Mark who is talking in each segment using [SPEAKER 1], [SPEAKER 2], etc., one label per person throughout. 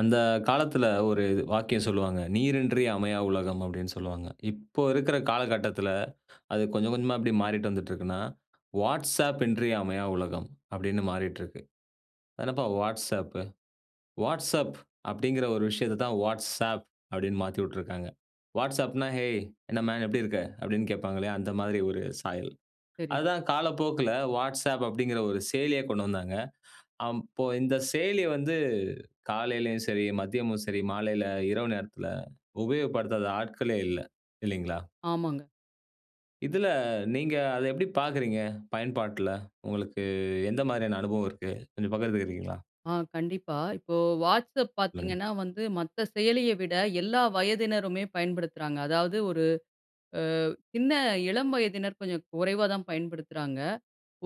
[SPEAKER 1] அந்த காலத்தில ஒரு வாக்கியம் சொல்லுவாங்க. "நீரின்றி அமையா உலகம்" அப்படின்னு சொல்லுவாங்க. இப்போ இருக்கிற காலகட்டத்தில அது கொஞ்சம் கொஞ்சமா மாறிட்டு வந்துட்டு இருக்குன்னா, "வாட்ஸ்அப் இன்றி அமையா உலகம்" அப்படின்னு மாறிட்டிருக்கு. "அது என்னப்பா வாட்ஸ்அப்பு? வாட்ஸ்அப் அப்படிங்கிற ஒரு விஷயத்த தான் வாட்ஸ்ஆப் அப்படின்னு மாத்திவுட்டிருக்காங்க" வாட்ஸ்அப்னா, "ஹேய் என்ன மேன் எப்படி இருக்க?" அப்படின்னு கேட்பாங்க இல்லையா? அந்த மாரி ஒரு சாயல்.
[SPEAKER 2] சரி.
[SPEAKER 1] அதுதான் காலப்போக்கில வாட்ஸ்அப் அப்படிங்கிற ஒரு செயலியா கொண்டு வந்தாங்க. அப்போ இந்த செயலி வந்து காலையிலயும் சரி, மதியமும் சரி, மாலையில, இரவு நேரத்தில உபயோகப்படுத்தாத ஆட்களே இல்ல. இல்லைங்களா?
[SPEAKER 2] ஆமாங்க.
[SPEAKER 1] இதுல நீங்க அத எப்படி பார்க்கிறீங்க? பயன்பாட்ல. உங்களுக்கு எந்த மாரியான அனுபவம் இருக்கு? கொஞ்சம் பகிர்ந்துக்கிறீங்களா?
[SPEAKER 2] ஆ கண்டிப்பா. இப்போ வாட்ஸ்அப்
[SPEAKER 1] சொல்லுங்க.
[SPEAKER 2] பார்த்தீங்கன்னா வந்து மத்த செயலிய விட எல்லா வயதினருமே பயன்படுத்துறாங்க. அதாவது, ஒரு ஆ சின்ன இளம் வயதினர் கொஞ்சம் குறைவா தான் பயன்படுத்துறாங்க.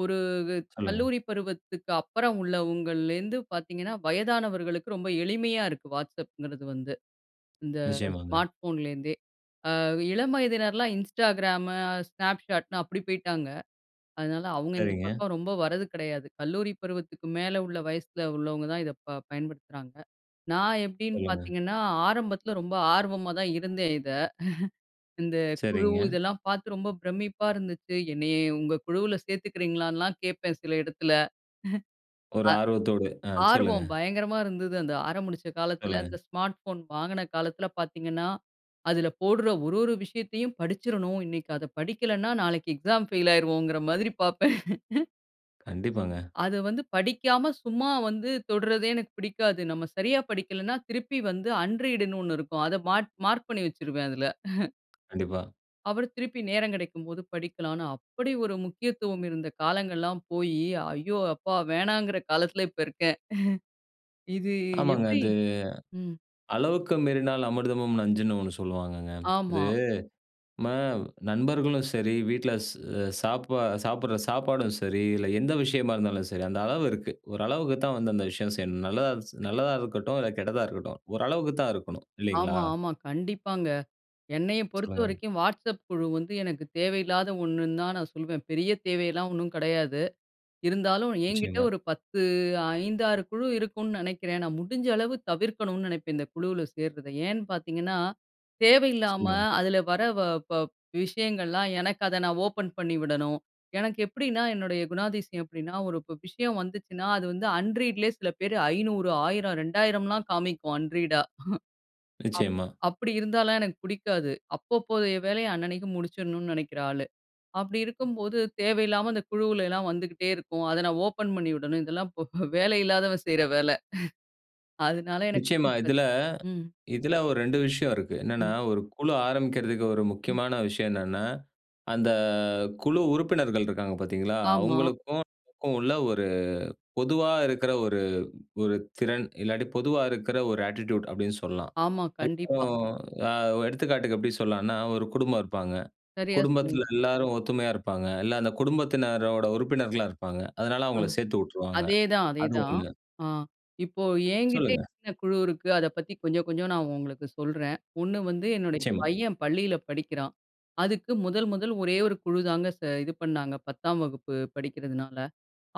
[SPEAKER 2] ஒரு
[SPEAKER 1] சொல்லுங்க.
[SPEAKER 2] கல்லூரி பருவத்துக்கப்புறம் உள்ளவங்கள்லேருந்து பார்த்தீங்கன்னா, வயதானவர்களுக்கு ரொம்ப எளிமையா இருக்கு. வாட்ஸ்அப்ங்கிறது வந்து, இந்த
[SPEAKER 1] நிச்சயமாங்க.
[SPEAKER 2] ஸ்மார்ட் ஃபோன்லேருந்தே. அ இளம் வயதினர்லாம் இன்ஸ்டாகிராம், ஸ்னாப்ஷாட்ன்னு அப்படி போய்ட்டாங்க. அதனால அவங்க இந்த
[SPEAKER 1] சரிங்க.
[SPEAKER 2] பக்கம் ரொம்ப வர்றது கெடையாது. கல்லூரி பருவத்துக்கு மேல உள்ள வயசில உள்ளவங்க தான் இத ப பயன்படுத்துறாங்க. நான் எப்படின்னு
[SPEAKER 1] சொல்லுங்க.
[SPEAKER 2] பார்த்தீங்கன்னா, ஆரம்பத்தில ரொம்ப ஆர்வமா தான் இருந்தேன், இத. இந்த குழு
[SPEAKER 1] சரிங்க.
[SPEAKER 2] இதெல்லாம் பார்த்து ரொம்ப பிரமிப்பா இருந்துச்சு. "என்னேய உங்கள் குழுவுல சேர்த்துக்கிறீங்களான்னு"லாம் கேட்பேன் சில இடத்துல.
[SPEAKER 1] ஒரு
[SPEAKER 2] அ
[SPEAKER 1] ஆர்வத்தோடு. ஆ சொல்லுங்க.
[SPEAKER 2] ஆர்வம் பயங்கரமா இருந்தது. அந்த ஆரமுடிச்ச காலத்தில,
[SPEAKER 1] சொல்லுங்க.
[SPEAKER 2] இந்த ஸ்மார்ட் போன் வாங்கின காலத்தில பார்த்தீங்கனா, அதில போட்ற ஒரு ஒரு விஷயத்தையும் படிச்சுர்றனும். "இன்னைக்கி அத படிக்கலனா, நாளைக்கு எக்ஸாம் பெயில் ஆயிருவோம்"ங்கிற மாதிரி பார்ப்பேன்.
[SPEAKER 1] கண்டிப்பாங்க.
[SPEAKER 2] அது வந்து படிக்காம சும்மா வந்து தொடுறதே எனக்கு பிடிக்காது. நம்ம சரியா படிக்கலன்னா, திருப்பி வந்து அன் ரீட்ன்னு ஒண்ணு இருக்கும். அதை மாட் மார்க் பண்ணி வச்சுருவேன் அதுல.
[SPEAKER 1] கண்டிப்பா.
[SPEAKER 2] [unintelligible] திருப்பி நேரம் கிடைக்கும்போது படிக்கலான்னு, அப்டி ஒரு முக்கியத்துவம் இருந்த காலங்கள்லாம் போயி, ஐயோ அப்பா வேணாங்கற காலத்தில இப்ப இருக்கேன். இது
[SPEAKER 1] ஆமாங்க
[SPEAKER 2] எப்டி?
[SPEAKER 1] அது
[SPEAKER 2] ம்.
[SPEAKER 1] "அளவுக்கு மீறினால் அமிர்தமும் நஞ்சுன்னு" ஒண்ணு சொல்லுவாங்கங்க. இது
[SPEAKER 2] ஆமா.
[SPEAKER 1] நம்ம நண்பர்களும் சரி, வீட்ல ஸ் அ சாப்பா சாப்பிடுற சாப்பாடும் சரி, இதுல எந்த விஷயமா இருந்தாலும் சரி, அந்த அளவு இருக்கு. ஓரளவுக்கு தான் வந்து அந்த விஷயம் செய்யணும். நல்லதாஞ்ச் நல்லதா இருக்கட்டும், இல்ல கெட்டதா இருக்கட்டும். ஓரளவுக்கு தான் இருக்கணும். இல்லைங்களா?
[SPEAKER 2] ஆமா, ஆமா. கண்டிப்பாங்க. என்னைய
[SPEAKER 1] சொல்லுங்க.
[SPEAKER 2] பொறுத்தவரைக்கும் Whatsapp குழு வந்து, எனக்கு தேவையில்லாத ஒண்ணுன்னு தான் நான் சொல்லுவேன். பெரிய தேவையெல்லாம் ஒண்ணும் கெடையாது. இருந்தாலும் என்கிட்ட
[SPEAKER 1] நிச்சியமா.
[SPEAKER 2] ஒரு 10 5-6 குழு இருக்குனு நெனைக்கிறேன். நான் முடிஞ்ச அளவு தவிர்க்கணும்னு நெனைப்பேன் இந்த குழுவுல சேர்றத. ஏன்னு பாத்தீங்கன்னா தேவையில்லாம,
[SPEAKER 1] சொல்லுங்க.
[SPEAKER 2] அதில வர வ ப விஷயங்கள்லாம், எனக்கு அத நான் ஓப்பன் பண்ணி விடணும். எனக்கு எப்டின்னா, என்னுடைய குணாதிசயம் எப்டின்னா, ஒரு இப்போ விஷயம் வந்துச்சுன்னா, அது வந்து அன்ரீட்லயே சில பேரு 500 1000 2000லாம் காமிக்கும் அன்ரீடா அப்
[SPEAKER 1] நிச்சியமா.
[SPEAKER 2] அப்டி இருந்தாலும் எனக்கு பிடிக்காது. அப்பப்போதைய வேலைய அண்ணனுக்கு முடிச்சுடணும்னு நெனைக்கிற ஆளு. அப்டி இருக்கும்போது, தேவையில்லாம இந்த குழுவுல எல்லாம் வந்துகிட்டே இருக்கும். அத நான் ஓப்பன் பண்ணி விடணும். இதெல்லாம் போ வேலை இல்லாதவன் செய்ற வேல அதுனால எனக்கு
[SPEAKER 1] நிச்சியமா
[SPEAKER 2] பிடிக்காது.
[SPEAKER 1] இதில
[SPEAKER 2] ம்.
[SPEAKER 1] இதில ஒரு 2 விஷயம் இருக்கு. என்னென்னா,
[SPEAKER 2] ம்.
[SPEAKER 1] 1 குழு ஆரம்பிக்கிறதுக்கு ஒரு
[SPEAKER 2] ம்.
[SPEAKER 1] முக்கியமான விஷயம் என்னன்னா, அந்த குழு உறுப்பினர்கள் இருக்காங்க பாத்தீங்களா,
[SPEAKER 2] ஆமா.
[SPEAKER 1] அவுங்களுக்கும், [unintelligible] உள்ள ஒரு பொதுவா இருக்கிற ஒரு ஒரு திறன், இல்லாட்டி பொதுவா இருக்குற ஒரு அட்டிட்யூட். அப்டின்னு சொல்லலாம்.
[SPEAKER 2] ஆமா,
[SPEAKER 1] இப்போ,
[SPEAKER 2] கண்டிப்பா.
[SPEAKER 1] அ எடுத்துக்காட்டுக்கு எப்டி சொல்லலான்னா, 1 குடும்பம் இருப்பாங்க.
[SPEAKER 2] சரியா சொன்னீங்க.
[SPEAKER 1] குடும்பத்தில எல்லாரும் ஒத்துமையா இருப்பாங்க. இல்ல அந்த குடும்பத்தினரோட உறுப்பினர்களா இருப்பாங்க. அதனால
[SPEAKER 2] ஆ
[SPEAKER 1] அவுங்கள சேத்து உட்டுருவாங்க
[SPEAKER 2] அதேதான்
[SPEAKER 1] அதுவும்
[SPEAKER 2] அதேதான்.
[SPEAKER 1] ஒண்ணு.
[SPEAKER 2] அ இப்போ என்கிட்டே
[SPEAKER 1] சொல்லுங்க.
[SPEAKER 2] என்ன குழு இருக்கு, அத பத்தி கொஞ்சம் கொஞ்சம் நான் உங்களுக்கு சொல்றேன். ஒண்ணு வந்து என்னுடைய
[SPEAKER 1] நிச்சியமா.
[SPEAKER 2] பையன் பள்ளியில படிக்கிறான். அதுக்கு முதல் முதல் ஒரே 1 குழுதாங்க ச இது பண்ணாங்க. 10ஆம் வகுப்பு படிக்கிறதுனால.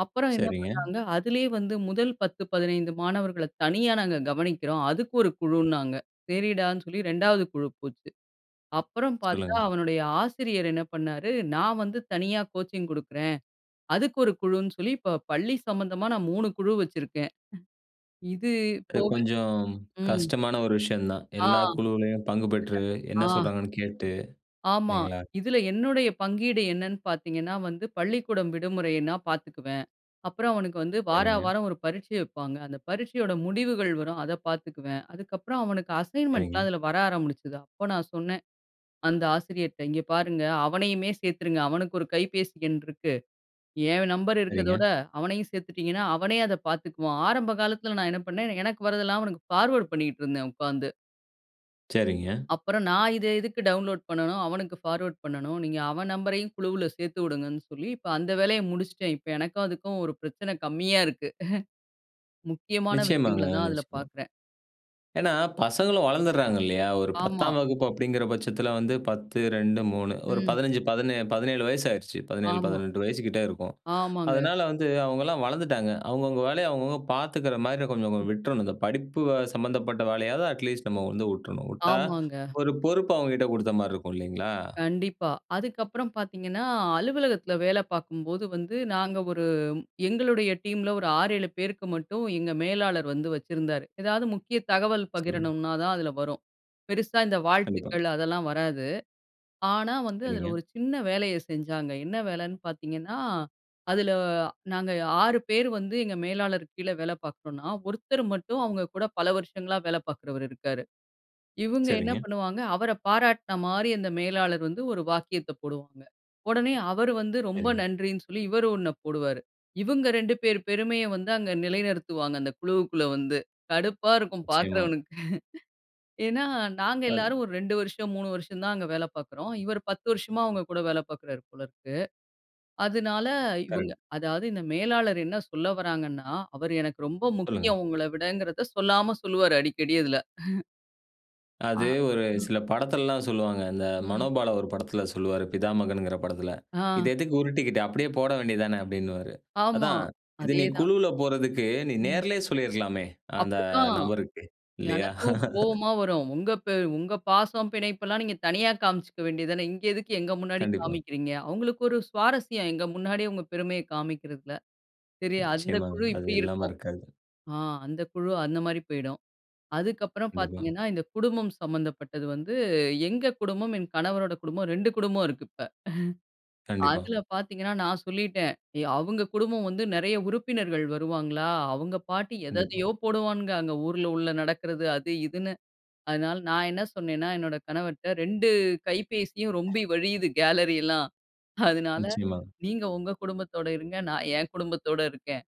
[SPEAKER 2] அப்புறம் என்ன
[SPEAKER 1] சரிங்க.
[SPEAKER 2] பண்ணாங்க அதிலயே வந்து, முதல் 10-15 மாணவர்கள தனியா நாங்க கவனிக்கிறோம். அதுக்கு ஒரு குழுன்னாங்க. சரிடான்னு சொல்லி 2வது குழு போச்சு. அப்புறம் பாத்தா,
[SPEAKER 1] சொல்லுங்க.
[SPEAKER 2] அவனுடைய ஆசிரியர் என்னா பண்ணாரு, நான் வந்து தனியா கோச்சிங் குடுக்குறேன். அதுக்கு 1 குழுன்னு சொல்லி, இப்போ பள்ளி சம்மந்தமா, நான் 3 குழு வச்சிருக்கேன் இது
[SPEAKER 1] இது
[SPEAKER 2] போக
[SPEAKER 1] கொஞ்சம்
[SPEAKER 2] ம்.
[SPEAKER 1] கஷ்டமான ஒரு விஷயம் தான்.
[SPEAKER 2] ஆ
[SPEAKER 1] எல்லா குழுவுலயும் பங்கு பெற்று
[SPEAKER 2] இதுல ஆ,
[SPEAKER 1] என்ன சொல்றாங்கன்னு கேட்டு,
[SPEAKER 2] ஆமா.
[SPEAKER 1] இல்லைங்களா?
[SPEAKER 2] இதுல என்னுடைய பங்கீடு என்னன்னு பாத்தீங்கன்னா வந்து, பள்ளிக்கூடம் விடுமுறைன்னா, பாத்துக்குவேன். அப்புறம் அவனுக்கு வந்து வார
[SPEAKER 1] சரிங்க.
[SPEAKER 2] வாரம் 1 பரீட்சை வப்பாங்க. அந்த பரீட்சையோட முடிவுகள் வரும். அத பாத்துக்குவேன். அதுக்கப்புறம் அவனுக்கு அசைன்மென்ட்லாம்
[SPEAKER 1] சரிங்க.
[SPEAKER 2] அதில வர ஆரம்பிச்சுது. அப்ப நான் சொன்னேன். அந்த ஆசிரியர்ட்ட, "இங்கே பாருங்க! அவனையுமே சேத்துருங்க. அவனுக்கு 1 கைபேசி எண் இருக்கு. என் நம்பர் இருக்கிறதோட,
[SPEAKER 1] சரிங்க.
[SPEAKER 2] அவனையும் சேத்துட்டீங்கன்னா, அவனே அத பாத்துக்குவான்" ஆரம்ப காலத்தில நான் என்ன பண்ணேன், எனக்கு வரதெல்லாம் அவனுக்கு ஃபார்வர்ட் பண்ணிக்கிட்ருந்தேன் உக்காந்து.
[SPEAKER 1] சரிங்க.
[SPEAKER 2] அப்பறம் நான் இத எதுக்கு டவுன்லோட் பண்ணனும், அவனுக்கு பார்வர்ட் பண்ணணும். நீங்க அவன் நம்பரயும் குழுவுல சேர்த்து வுடுங்கன்னு சொல்லி இப்ப அந்த வேலைய முடிச்சிட்டேன். இப்ப எனக்கும் அதுக்கும் ஒரு பிரச்சன கம்மியா இருக்கு முக்கியமான
[SPEAKER 1] நிச்சியமாங்க,
[SPEAKER 2] விஷயங்கள தான் அதில
[SPEAKER 1] நிச்சியமா.
[SPEAKER 2] பார்க்குறேன்.
[SPEAKER 1] ஏன்னா, பசங்களும் வளர்ந்துடுறாங்க இல்லயா! ஒரு
[SPEAKER 2] ஆமா.
[SPEAKER 1] 10ஆம் வகுப்பு அப்டிங்கிற பட்சத்தில வந்து 10 2 3 ஒரு
[SPEAKER 2] ம்.
[SPEAKER 1] 15 பதினே 17 வயசு ஆயிருச்சு. பதினேழு,
[SPEAKER 2] ஆமா.
[SPEAKER 1] பதினெட்டு வயசுக்கிட்டே இருக்கும்.
[SPEAKER 2] ஆமாங்க.
[SPEAKER 1] அதனால வந்து அவுங்களலாம் வளர்ந்துட்டாங்க. அவுங்கவுங்க வேலைய அவுங்கவுங்க பார்த்துக்கிறமாரி கொஞ்சம்,
[SPEAKER 2] ம்.
[SPEAKER 1] கொஞ்சம் விட்ரணும். இந்த படிப்பு சம்மந்தப்பட்ட வேலையாவது அட்லீஸ்ட் நம்ம வந்து விட்ரணும் விட்டா
[SPEAKER 2] ஆமாங்க.
[SPEAKER 1] ஒரு பொறுப்பு அவுங்ககிட்ட குடுத்தமாரி இருக்கும் இல்லேங்களா!
[SPEAKER 2] கண்டிப்பா. அதுக்கப்புறம் பார்த்தீங்கன்னா, அலுவலகத்தில வேல பார்க்கும்போது வந்து நாங்க ஒரு எங்களுடைய டீம்ல ஒரு 6, 7 பேருக்கு மட்டும் எங்க மேலாளர் வந்து வச்சிருந்தாரு. எதாவது முக்கிய தகவல்
[SPEAKER 1] சொல்லுங்க.
[SPEAKER 2] பகிரணும்ன்னா தான் அதில வரும். பெருசா இந்த
[SPEAKER 1] கண்டிப்பா.
[SPEAKER 2] வாழ்த்துக்கள் அதெல்லாம் வராது. ஆனா, வந்து அதில
[SPEAKER 1] சரிங்க.
[SPEAKER 2] ஒரு சின்ன வேலைய செஞ்சாங்க. என்ன வேலன்னு பார்த்தீங்கன்னா, அதில நாங்க 6 பேர் வந்து எங்க மேலாளர் கீழ வேல பார்க்குறோன்னா, ஒருத்தர் மட்டும் அவுங்க கூட பல வருஷங்களா வேல பார்க்குறவரு இருக்காரு. இவுங்க என்ன
[SPEAKER 1] சரிங்க.
[SPEAKER 2] பண்ணுவாங்க? அவர பாராட்னமாரி அந்த மேலாளர் வந்து ஒரு வாக்கியத்த போடுவாங்க. உடனே அவரு வந்து ரொம்ப
[SPEAKER 1] சரிங்க.
[SPEAKER 2] நன்றின்னு சொல்லி இவரு ஒண்ண போடுவாரு. இவுங்க 2 பேரு பெருமைய வந்து அங்க நிலைநிறுத்துவாங்க அந்த குழுவுக்குள்ள வந்து. கடுப்பா இருக்கும்
[SPEAKER 1] நிச்சியமா.
[SPEAKER 2] பார்க்கிறவனுக்கு ஏன்னா, நாங்க
[SPEAKER 1] அது
[SPEAKER 2] எல்லாரும் ஒரு 2 வருஷம், 3 வருஷம் தான் அங்க வேல பார்க்குறோம். இவரு 10 வருஷமா அவுங்கக் கூட வேல பார்க்கிறாரு போல இருக்கு. அதனால இவுங்க
[SPEAKER 1] கரெக்ட்.
[SPEAKER 2] அதாவது இந்த மேலாளர் என்ன சொல்ல வர்றாங்கன்னா, அவரு எனக்கு ரொம்ப
[SPEAKER 1] சொல்லுங்க.
[SPEAKER 2] முக்கியம் உங்கள விடங்கிறத சொல்லாம சொல்லுவாரு, அடிக்கடி அதுல. ஆ,
[SPEAKER 1] அது ஒரு
[SPEAKER 2] ம்.
[SPEAKER 1] சில படத்துலல்லாம் சொல்லுவாங்க. அந்த
[SPEAKER 2] ம்.
[SPEAKER 1] மனோபாலா ஒரு படத்துல சொல்லுவாரு பிதாமகன்ங்கிற படத்துல.
[SPEAKER 2] ஆ.
[SPEAKER 1] "இது எதுக்கு உருட்டிக்கிட்டு? அப்படியே போட வேண்டியது தான!" அப்டின்னுவாரு.
[SPEAKER 2] ஆமா,
[SPEAKER 1] அதான் இது நீ
[SPEAKER 2] அதேதான்.
[SPEAKER 1] குழுவுல போறதுக்கு நீ
[SPEAKER 2] ம்.
[SPEAKER 1] நேர்லயே சொல்லிருக்கலாமே! அந்த
[SPEAKER 2] அப்படிதான்
[SPEAKER 1] நபருக்கு. இல்லையா?
[SPEAKER 2] எனக்கும் கோவமா வரும். உங்க பெ "உங்க பாசம் பிணைப்பு எல்லாம் நீங்க தனியா காமிச்சுக்க வேண்டியது தானே. இங்கே எதுக்கு எங்க முன்னாடி
[SPEAKER 1] கண்டிப்பா.
[SPEAKER 2] காமிக்கிறீங்க?" அவங்களுக்கு ஒரு சுவாரஸ்யம் எங்க முன்னாடி அவுங்க பெருமைய காமிக்கிறதில. சரி அந்த
[SPEAKER 1] நிச்சயமாங்க.
[SPEAKER 2] குழு
[SPEAKER 1] அது
[SPEAKER 2] இப்டி
[SPEAKER 1] இல்லாம
[SPEAKER 2] இருக்கும்.
[SPEAKER 1] இருக்காது.
[SPEAKER 2] ஆ அந்த குழு அந்த மாதிரி போய்டும். அதுக்கப்புறம்
[SPEAKER 1] கண்டிப்பா.
[SPEAKER 2] பார்த்தீங்கன்னா இந்த குடும்பம் சம்மந்தப்பட்டது வந்து, எங்க குடும்பம், என் கணவரோட குடும்பம் 2 குடும்பம் இருக்கு இப்ப.
[SPEAKER 1] கண்டிப்பா.
[SPEAKER 2] அதில பார்த்தீங்கன்னா நான் சொல்லிட்டேன். அவங்க குடும்பம் வந்து நெறைய உறுப்பினர்கள் வருவாங்களா, அவங்க பாட்டி எத
[SPEAKER 1] கண்டிப்பா.
[SPEAKER 2] எதையோ போடுவான்ங்க அங்க ஊர்ல உள்ள நடக்கிறது அது இதுன்னு. அதனால நான் என்ன சொன்னேன்ன்னா என்னுடைய கணவர்ட்ட 2 கைபேசியும் ரொம்பி வழியிது கேலரி எல்லாம். அதனால
[SPEAKER 1] நிச்சயமா.
[SPEAKER 2] "நீங்க உங்க குடும்பத்தோட இருங்க. நான் என் குடும்பத்தோட இருக்கேன்.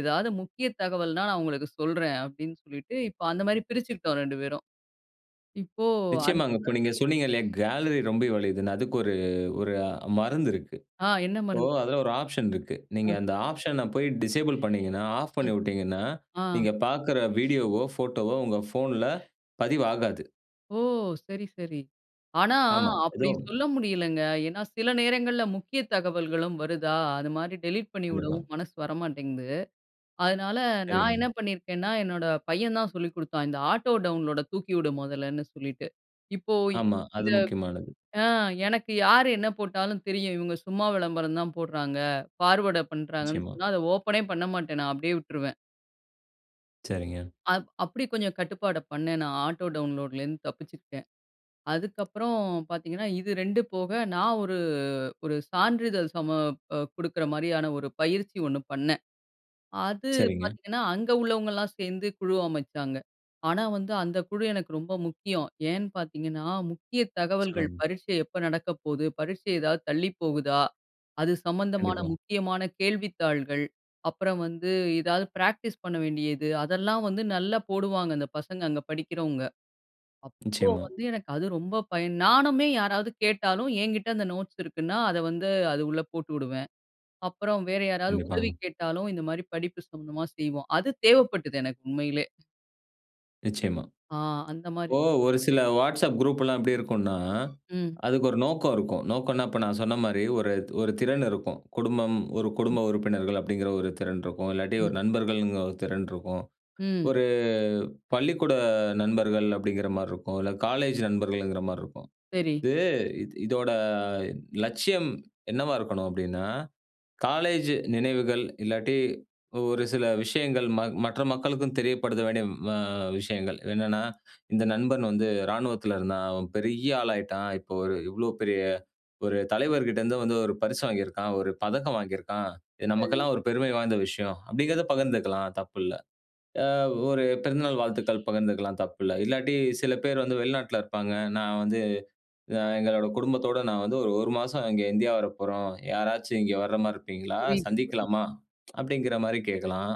[SPEAKER 2] ஏதாவது முக்கிய தகவல்ன்னா நான் உங்களுக்கு சொல்றேன்." அப்டின்னு சொல்லிட்டு இப்போ அந்த மாரி பிரிச்சுக்கிட்டோம் ரெண்டு பேரும். இப்போ அந்த
[SPEAKER 1] நிச்சயமாங்க. இப்ப நீங்க சொன்னீங்கல்லயா கேலரி ரொம்பி வழியுதுன்னு, அதுக்கு ஒரு ஒரு மருந்து இருக்கு.
[SPEAKER 2] ஆ என்ன
[SPEAKER 1] இப்போ
[SPEAKER 2] மருந்து?
[SPEAKER 1] அதில ஒரு ஆப்ஷன் இருக்கு. நீங்க
[SPEAKER 2] ஆ.
[SPEAKER 1] அந்த ஆப்ஷன்ன போயி டிசேபிள் பண்ணீங்கன்னா ஆஃப்
[SPEAKER 2] அ,
[SPEAKER 1] பண்ணி விட்டீங்கன்னா,
[SPEAKER 2] ஆ.
[SPEAKER 1] நீங்க பார்க்கிற வீடியோவோ, போட்டோ வோ உங்க போன்ல பதிவாகாது.
[SPEAKER 2] ஓ! சரி, சரி. ஆனா,
[SPEAKER 1] ஆமா.
[SPEAKER 2] அப்படி
[SPEAKER 1] ஏதும்
[SPEAKER 2] சொல்ல முடியலங்க. ஏனா, சில நேரங்கள்ல முக்கிய தகவல்களும் வருதா? அது மாதிரி டெலிட்
[SPEAKER 1] கண்டிப்பா.
[SPEAKER 2] பண்ணிவிடவும் மனசு வரமாட்டேங்குது. அதனால, நான்
[SPEAKER 1] சரிங்க.
[SPEAKER 2] என்ன பண்ணியிருக்கேன்னா, என்னோட பையன் தான் சொல்லிக் குடுத்தான். இந்த ஆட்டோ டவுன்லோட தூக்கி விடு மொதல்லன்னு சொல்லிட்டு, இப்போ
[SPEAKER 1] ஆமா, அது
[SPEAKER 2] இந்த
[SPEAKER 1] முக்கியமானது.
[SPEAKER 2] ஆ எனக்கு யார் என்ன போட்டாலும் தெரியும். இவங்க சும்மா விளம்பரம் தான் போடுறாங்க, ஃபார்வர்ட் பண்றாங்கன்னு
[SPEAKER 1] நிச்சயமா.
[SPEAKER 2] சொன்னா, அத ஓப்பனே பண்ண மாட்டேன். நான் அப்டியே விட்டுருவேன்.
[SPEAKER 1] சரிங்க.
[SPEAKER 2] அ அப்படி கொஞ்சம் கட்டுப்பாடு பண்ணேன். நான் ஆட்டோ டவுன்லோட்லேந்து தப்பிச்சிருக்கேன். அதுக்கப்புறம் பார்த்தீங்கன்னா, இது 2 போக நான் ஒரு ஒரு சான்றிதழ் சம குடுக்கிற மாரியான ஒரு பயிற்சி ஒண்ணு பண்ணேன். அது
[SPEAKER 1] சரிங்க.
[SPEAKER 2] பார்த்தீங்கன்னா அங்க உள்ளவங்கலாம் சேர்ந்து குழு அமைச்சாங்க. ஆனா, வந்து அந்த குழு எனக்கு ரொம்ப முக்கியம். ஏன்னு பார்த்தீங்கன்னா, முக்கிய தகவல்கள்
[SPEAKER 1] சொல்லுங்க.
[SPEAKER 2] பரீட்சை எப்போ நடக்க போகுது? பரீட்சை ஏதாவது தள்ளி போகுதா? அது சம்மந்தமான
[SPEAKER 1] கண்டிப்பா.
[SPEAKER 2] முக்கியமான கேள்வித்தாள்கள், அப்புறம் வந்து ஏதாவது ப்ராக்டிஸ் பண்ண வேண்டியது அதெல்லாம் வந்து நல்லா போடுவாங்க. அந்த பசங்க அங்க படிக்கிறவங்க. அப்போ
[SPEAKER 1] நிச்சயமா.
[SPEAKER 2] வந்து எனக்கு அது ரொம்ப பயன். நானுமே யாராவது கேட்டாலும் ஏங்கிட்ட அந்த நோட்ஸ் இருக்குன்னா, அத வந்து அது உள்ள போட்டு விடுவேன். அப்புறம் வேற யாராவது உதவி
[SPEAKER 1] கண்டிப்பாங்க.
[SPEAKER 2] கேட்டாலும் இந்த மாரி படிப்பு சம்மந்தமா செய்வோம். அது தேவைப்பட்டது எனக்கு உண்மையிலே.
[SPEAKER 1] நிச்சியமா.
[SPEAKER 2] ஆ அந்த மாரி
[SPEAKER 1] இப்போ ஒரு சில WhatsApp குரூப்லாம் எப்டி இருக்குன்னா,
[SPEAKER 2] ம்.
[SPEAKER 1] அதுக்கு ஒரு நோக்கம் இருக்கும். நோக்கனா, இப்ப நான் சொன்ன மாரி ஒரு ஒரு திறன் இருக்கும் குடும்பம் ஒரு
[SPEAKER 2] ம்.
[SPEAKER 1] குடும்ப உறுப்பினர்கள் அப்டிங்கிற ஒரு திறன் இருக்கும் இல்லாட்டி
[SPEAKER 2] ம்.
[SPEAKER 1] ஒரு நண்பர்கள்ங்கிற ஒரு திறன் இருக்கும்
[SPEAKER 2] ம்.
[SPEAKER 1] ஒரு பள்ளிக்கூட நண்பர்கள் அப்டிங்கிற மாரி இருக்கும் இல்ல காலேஜ் நண்பர்கள்ங்குற மாரி இருக்கும்.
[SPEAKER 2] சரி.
[SPEAKER 1] இது இ இதோட லட்சியம் என்னவா இருக்கணும்? அப்டின்னா, காலேஜ் நினைவுகள் இல்லாட்டி ஒரு சில விஷயங்கள் ம மற்ற மக்களுக்கும் தெரியப்படுத்த வேண்டிய வ விஷயங்கள். என்னன்னா, இந்த நண்பன் வந்து இராணுவத்தில இருந்தான். அவன் பெரிய ஆளா ஆயிட்டான். இப்போ ஒரு இவ்வளோ பெரிய ஒரு தலைவர்கிட்ட இருந்து வந்து ஒரு பரிசு வாங்கியிருக்கான், ஒரு பதக்கம் வாங்கியிருக்கான். இது
[SPEAKER 2] சரி.
[SPEAKER 1] நமக்கெல்லாம் ஒரு பெருமை வாய்ந்த விஷயம் அப்டிங்கிறத பகிர்ந்துக்கலாம். தப்பு இல்ல. ஆ ஒரு பிறந்தநாள் வாழ்த்துக்கள் பகிர்ந்துக்கலாம் தப்பு இல்ல. இல்லாட்டி சில பேர் வந்து வெளிநாட்ல இருப்பாங்க. நான் வந்து ஆ எங்களோட குடும்பத்தோட நான் வந்து ஒரு 1 மாசம் இங்கே இந்தியா வரப்போறோம். யாராச்சும் இங்கே வர மாரி இருப்பீங்களா?
[SPEAKER 2] புரியுது, புரிது.
[SPEAKER 1] சந்திக்கலாமா? அப்டிங்கிற மாரி கேட்கலாம்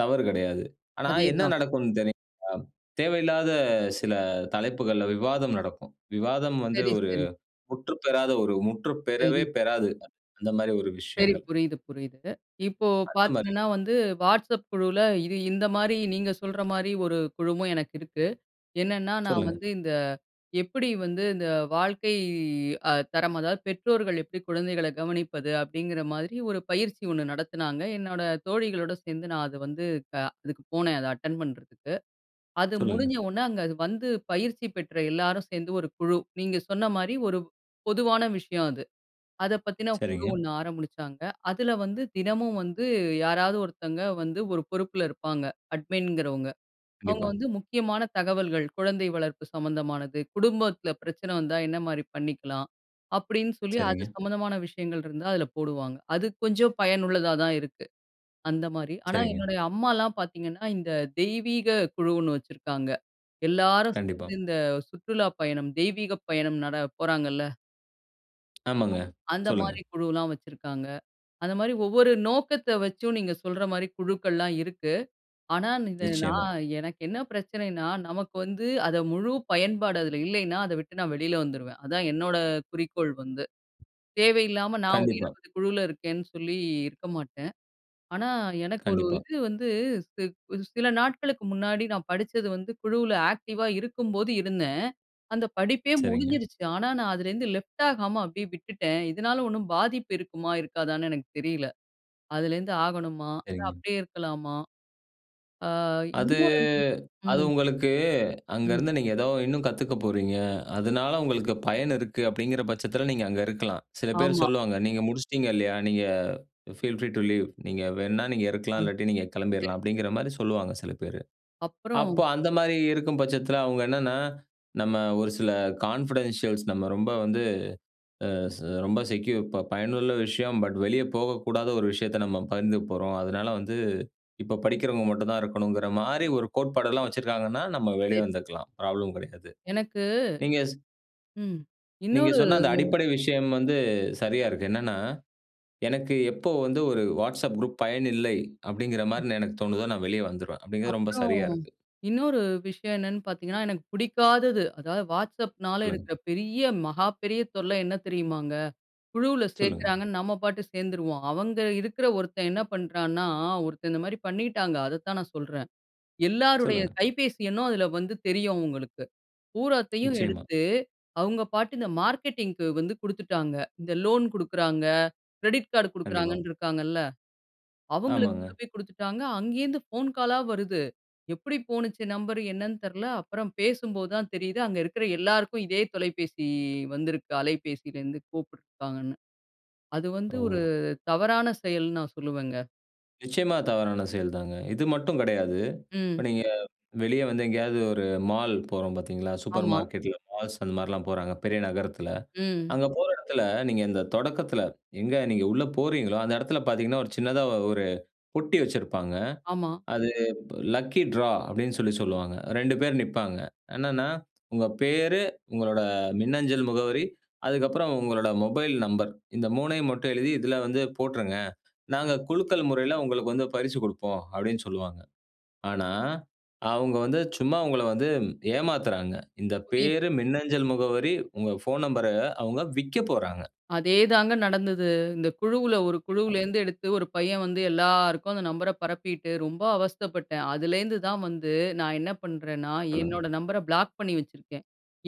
[SPEAKER 1] தவறு கிடையாது. ஆனா, என்ன
[SPEAKER 2] அதேதான்.
[SPEAKER 1] நடக்கும்னு தெரியுங்களா? தேவையில்லாத சில தலைப்புகள்ல விவாதம் நடக்கும் விவாதம் வந்து
[SPEAKER 2] சரி,
[SPEAKER 1] ஒரு
[SPEAKER 2] சரி.
[SPEAKER 1] முற்று பெறாத ஒரு முற்று பெறவே
[SPEAKER 2] சரி.
[SPEAKER 1] பெறாது. அந்த மாரி ஒரு
[SPEAKER 2] சரி.
[SPEAKER 1] விஷயங்கள்.
[SPEAKER 2] புரியுது, புரியுது. இப்போ
[SPEAKER 1] அந்த மாரி
[SPEAKER 2] பார்த்தீங்கன்னா,
[SPEAKER 1] விஷ
[SPEAKER 2] வந்து WhatsApp குழுல இது இந்த மாரி நீங்க சொல்ற மாரி ஒரு குழுமோ எனக்கு இருக்கு. என்னென்னா, நான்
[SPEAKER 1] சொல்லுங்க.
[SPEAKER 2] வந்து இந்த எப்டி வந்து இந்த வாழ்க்கை அ தரம் அதாவது பெற்றோர்கள் எப்டி குழந்தைகள கவனிப்பது? அப்டிங்கிற மாதிரி ஒரு பயிற்சி ஒண்ணு நடத்தினாங்க. என்னோட தோழிகளோட சேர்ந்து நான் அத வந்து அதுக்கு போனேன் அத அட்டெண்ட் பண்றதுக்கு. அது
[SPEAKER 1] சொல்லுங்க.
[SPEAKER 2] முடிஞ்ச உடனே அங்க வந்து பயிற்சி பெற்ற எல்லாரும் சேர்ந்து ஒரு குழு நீங்க சொன்ன மாரி ஒரு பொதுவான விஷயம் அது. அத பத்தின குழு
[SPEAKER 1] சரிங்க.
[SPEAKER 2] ஒண்ணு ஆரம்பிச்சாங்க. அதில வந்து தினமும் வந்து யாராவது ஒருத்தங்க வந்து ஒரு பொறுப்புல இருப்பாங்க அட்மின்கிறவங்க. அவங்க
[SPEAKER 1] கண்டிப்பா.
[SPEAKER 2] வந்து முக்கியமான தகவல்கள் குழந்தை வளர்ப்பு சம்மந்தமானது, குடும்பத்தில பிரச்சனை வந்தா என்ன மாரி பண்ணிக்கலாம்? அப்டின்னு சொல்லி அது
[SPEAKER 1] சரிங்க.
[SPEAKER 2] சம்மந்தமான விஷயங்கள் இருந்தா அதில போடுவாங்க. அது கொஞ்சம் பயனுள்ளதா தான் இருக்கு அந்த மாரி. ஆனா,
[SPEAKER 1] சரிங்க.
[SPEAKER 2] என்னுடைய அம்மாலாம் பார்த்தீங்கன்னா, இந்த தெய்வீக குழுன்னு வச்சிருக்காங்க எல்லாரும்
[SPEAKER 1] கண்டிப்பா.
[SPEAKER 2] சேர்ந்து இந்த சுற்றுலா பயணம் தெய்வீகப் பயணம் நட போறாங்கல்ல. அ
[SPEAKER 1] ஆமாங்க.
[SPEAKER 2] அந்த
[SPEAKER 1] சொல்லுங்க.
[SPEAKER 2] மாரி குழுலாம் வச்சுருக்காங்க. அந்த மாரி ஒவ்வொரு நோக்கத்த வச்சும், நீங்க சொல்ற மாரி குழுக்கள்லாம் இருக்கு. ஆனா இந்த
[SPEAKER 1] நிச்சியமா.
[SPEAKER 2] நான் எனக்கு என்ன பிரச்சனைன்னா, நமக்கு வந்து அத முழு பயன்பாடு அதில இல்லைன்னா, அதை விட்டு நான் வெளில வந்துருவேன். அதான் என்னோட குறிக்கோள் வந்து. தேவையில்லாம நான் ஒரு
[SPEAKER 1] கண்டிப்பா.
[SPEAKER 2] 20 குழுவுல இருக்கேன்னு சொல்லி, இருக்க மாட்டேன். ஆனா, எனக்கு ஒரு
[SPEAKER 1] கண்டிப்பா.
[SPEAKER 2] இது வந்து ஸி வ்து சில நாட்களுக்கு முன்னாடி நான் படிச்சது வந்து குழுல ஆக்டிவா இருக்கும்போது இருந்தேன். அந்த படிப்பே
[SPEAKER 1] சரிங்க.
[SPEAKER 2] முடிஞ்சிடுச்சு. ஆனா நான் அதுலேருந்து லெஃப்ட் ஆகாம அப்டியே விட்டுட்டேன். இதனால ஒண்ணும் பாதிப்பு இருக்குமா, இருக்காதான்னு எனக்கு தெரியல. அதுலேருந்து ஆகணுமா, இல்ல
[SPEAKER 1] சரிங்க.
[SPEAKER 2] அப்டியே இருக்கலாமா? ஆ
[SPEAKER 1] அது
[SPEAKER 2] இன்னொரு
[SPEAKER 1] அது
[SPEAKER 2] ம்.
[SPEAKER 1] உங்களுக்கு, அங்க
[SPEAKER 2] ம்.
[SPEAKER 1] இருந்து நீங்க ஏதோ இன்னும் கத்துக்க போறீங்க, அதுனால உங்களுக்கு பயன் இருக்கு, அப்டிங்கிற பட்சத்தில நீங்க அங்க இருக்கலாம். சில பேர்
[SPEAKER 2] ஆமா.
[SPEAKER 1] சொல்லுவாங்க, நீங்க முடிச்சிட்டீங்க இல்லையா, நீங்க ஃபீல் ஃப்ரீ டூ லீவ். "நீங்க வேண்ணா நீங்க
[SPEAKER 2] அ.
[SPEAKER 1] இருக்கலாம், இல்லாட்டி நீங்க கெளம்பிர்லாம்"
[SPEAKER 2] சரி,
[SPEAKER 1] அப்டிங்கிற
[SPEAKER 2] சரி.
[SPEAKER 1] மாரி சொல்லுவாங்க. சில பேரு. அப்போ
[SPEAKER 2] அப்பறம்.
[SPEAKER 1] அந்த மாரி இருக்கும் பட்சத்தில, அவுங்க என்னன்னா, நம்ம ஒரு சில கான்ஃபிடன்ஷியல்ஸ் நம்ம ரொம்ப வந்து அ ரொம்ப ச செக்யூர் ப பயனுள்ள விஷயம். பட் வெளியே போகக்கூடாத ஒரு விஷயத்த நம்ம பகிர்ந்துக்க போறோம். அதனால வந்து இப்ப படிக்கிறவங்க மட்டும் தான் இருக்கணும்ங்கிற மாரி, ஒரு கோட்பாடு எல்லாம் வச்சிருக்காங்கன்னா, நம்ம வெளிய
[SPEAKER 2] சரி.
[SPEAKER 1] வந்துக்கலாம். ப்ராப்ளம் கிடையாது.
[SPEAKER 2] எனக்கு
[SPEAKER 1] நீங்க சொ
[SPEAKER 2] ம்,
[SPEAKER 1] நீங்க
[SPEAKER 2] இன்னொரு
[SPEAKER 1] சொன்ன அந்த அடிப்படை விஷயம் வந்து சரியா இருக்கு. என்னென்னா, எனக்கு எப்போ வந்து, "ஒரு Whatsapp குரூப் பயன் இல்லை அப்டிங்கிற
[SPEAKER 2] ம்.
[SPEAKER 1] மாரி நான், எனக்கு தோணுதோ நான் வெளிய வந்துருவேன்" அப்டிங்கிறது ரொம்ப
[SPEAKER 2] அப்புறம்
[SPEAKER 1] சரியா இருக்கு.
[SPEAKER 2] இன்னொரு விஷயம் என்னென்னு பாத்தீங்கன்னா, எனக்கு புடிக்காதது, அதாவது Whatsappனால,
[SPEAKER 1] சொல்லுங்க.
[SPEAKER 2] இருக்குற பெரிய, மகாப்பெரிய தொல்ல என்ன தெரியுமாங்க? குழுவுல
[SPEAKER 1] சொல்லுங்க.
[SPEAKER 2] சேக்கிறாங்கன்னு நம்ம பாட்டு சேந்துருவோம். அவங்க இருக்குற ஒருத்தன் என்ன பண்ணுறான்னா, ஒருத்தன் இந்த மாரி பண்ணிட்டாங்க. அதத்தான் நான் சொல்றேன். எல்லாருடைய
[SPEAKER 1] சொல்லுங்க.
[SPEAKER 2] கைபேசி எண்ணும் அதில வந்து தெரியும் அவுங்களுக்கு. பூராத்தையும்
[SPEAKER 1] நிச்சியமா.
[SPEAKER 2] எடுத்து அவுங்க பாட்டு இந்த மார்க்கெட்டிங்க்கு வந்து குடுத்துட்டாங்க. இந்த லோன் குடுக்குறாங்க கிரெடிட் காடு
[SPEAKER 1] கண்டிப்பா.
[SPEAKER 2] குடுக்குறாங்கன்னு இருக்காங்கல்ல, அவுங்களுக்கு
[SPEAKER 1] ஆமாங்க.
[SPEAKER 2] கொண்டு போய் குடுத்துட்டாங்க. அங்கேருந்து போன் காலா வருது. எப்புடி போணுச்சுன்னா, நம்பர் என்னான்னு தெர்ல. அப்புறம் பேசும்போது தான் தெரியுது. அங்க இருக்குற எல்லாருக்கும் இதே தொலைபேசி வந்திருக்கு. அலைபேசியிலருந்து கூப்பிட்ருக்காங்கன்னு. அது வந்து
[SPEAKER 1] ஓ.
[SPEAKER 2] ஒரு தவறான செயல்ன்னு நான் சொல்லுவேங்க.
[SPEAKER 1] நிச்சியமா. தவறான செயல் தாங்க. இது மட்டும் கிடையாது. இப்ப
[SPEAKER 2] ம்.
[SPEAKER 1] நீங்க வெளிய வந்து எங்கேயாவது ஒரு மால் போறோம் பார்த்தீங்களா, சூப்பர்
[SPEAKER 2] ஆமா.
[SPEAKER 1] மார்க்கெட்டில மால்ஸ் அந்த மாரிலாம் போறாங்க பெரிய நகரத்துல.
[SPEAKER 2] ம்.
[SPEAKER 1] அங்க போற இடத்துல நீங்க இந்த தொடக்கத்தில எங்க நீங்க உள்ள போறீங்களோ அந்த இடத்துல பார்த்தீங்கன்னா, ஒரு சின்னதா 1 பொட்டி வச்சிருப்பாங்க.
[SPEAKER 2] ஆமா.
[SPEAKER 1] அது லக்கி டிரா அப்டின்னு சொல்லி சொல்லுவாங்க. 2 பேர் நிப்பாங்க. என்னன்னா, உங்க பெயர் உங்களோட மின்னஞ்சல் முகவரி, அதுக்கப்புறம் உங்களோட மொபைல் நம்பர் இந்த 3யும் மட்டும் எழுதி இதில வந்து போட்டுருங்க. நாங்க குலுக்கல் முறையில உங்களுக்கு வந்து பரிசு குடுப்போம் அப்டின்னு சொல்லுவாங்க. ஆனா, அவங்க வந்து சும்மா உங்கள வந்து ஏமாத்துறாங்க. இந்த பெயர்,
[SPEAKER 2] [unintelligible]
[SPEAKER 1] மின்னஞ்சல் முகவரி, உங்க போன் நம்பர் அவங்க விக்கப் போறாங்க.
[SPEAKER 2] அதேதாங்க நடந்தது. இந்த குழுவுல ஒரு
[SPEAKER 1] [unintelligible]
[SPEAKER 2] குழுவுலேருந்து எடுத்து 1 பையன் வந்து எல்லாருக்கும் அந்த நம்பர பரப்பிட்டு ரொம்ப அவஸ்தைப்பட்டேன். அதுலேருந்து தான் வந்து நான் என்ன பண்றேன்னா,
[SPEAKER 1] சொல்லுங்க.
[SPEAKER 2] என்னோட நம்பர பிளாக் பண்ணி வச்சிருக்கேன்.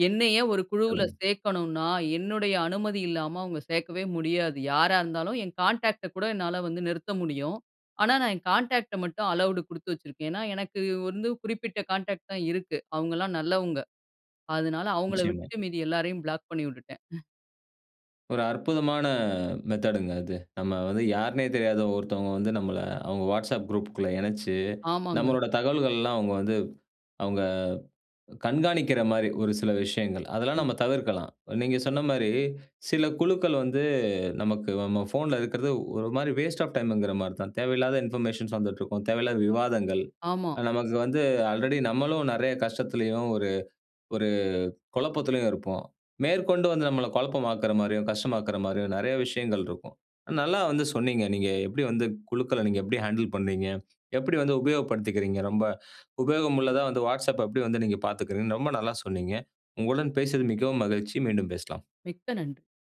[SPEAKER 2] என்ன ஏன் ஒரு குழுவுல
[SPEAKER 1] சொல்லுங்க.
[SPEAKER 2] சேர்க்கணுன்னா என்னுடைய அனுமதி இல்லாம அவங்க சேர்க்கவே முடியாது. யாரா இருந்தாலும் என் கான்டாக்ட்ட கூட என்னால வந்து நிறுத்த முடியும். ஆனா, நான் என் கான்டாக்ட்ட மட்டும் அலவுடு குடுத்து வச்சிருக்கேன். ஏனா, எனக்கு வந்து குறிப்பிட்ட கான்டாக்ட் தான் இருக்கு அவங்கலாம் நல்லவங்க. அதுனால அவங்கள
[SPEAKER 1] நிச்சியமா.
[SPEAKER 2] விட்டுட்டு மீதி எல்லாரையும் பிளாக் பண்ணி விட்டுட்டேன்.
[SPEAKER 1] ஒரு அற்புதமான மெத்தேட்ங்க அது. நம்ம வந்து யாருன்னே தெரியாத ஒருத்தவங்க வந்து நம்மள அவங்க Whatsapp குரூப் குள்ள இணைச்சு,
[SPEAKER 2] ஆமாங்க.
[SPEAKER 1] நம்மளோட தகவல்கள் எல்லாம் அவங்க வந்து அவங்க கண்காணிக்கிற மாரி ஒரு சில விஷயங்கள். அதெல்லாம் நம்ம
[SPEAKER 2] ம்.
[SPEAKER 1] தவிர்க்கலாம். நீங்க சொன்ன மாரி சில குழுக்கள் வந்து நமக்கு நம்ம போன்ல இருக்கிறது ஒரு மாரி வாஸ்ட் ஆஃப் டைம்ங்குற மாரி தான். தேவையில்லாத இன்பர்மேஷன்ஸ் வந்துட்டு இருக்கும் தேவையில்லாத விவாதங்கள்.
[SPEAKER 2] ஆமா.
[SPEAKER 1] நமக்கு வந்து ஆல்ரெடி நம்மளும் நெறைய கஷ்டத்திலேயும் ஒரு ஒரு குழப்பத்திலயும் இருப்போம். மேற்கொண்டு வந்து நம்மள பழப்பமாக்குற மாரியும், கஷ்டமாக்குற மாரியும் நெறைய விஷயங்கள் இருக்கும். நல்லா வந்து சொன்னீங்க நீங்க எப்டி வந்து குழுக்கள நீங்க எப்டி ஹேண்டில் பண்ணீங்க, எப்டி வந்து உபயோகப்படுத்திக்கிறீங்க. ரொம்ப உபயோகம் உள்ளதா வந்து Whatsapp எப்டி வந்து நீங்க பார்த்துக்குறீங்க ரொம்ப நல்லா சொன்னீங்க. உங்களுடன் பேசியது மிகவும் மகிழ்ச்சி. மீண்டும் பேசலாம்.
[SPEAKER 2] மிக்க நன்றி.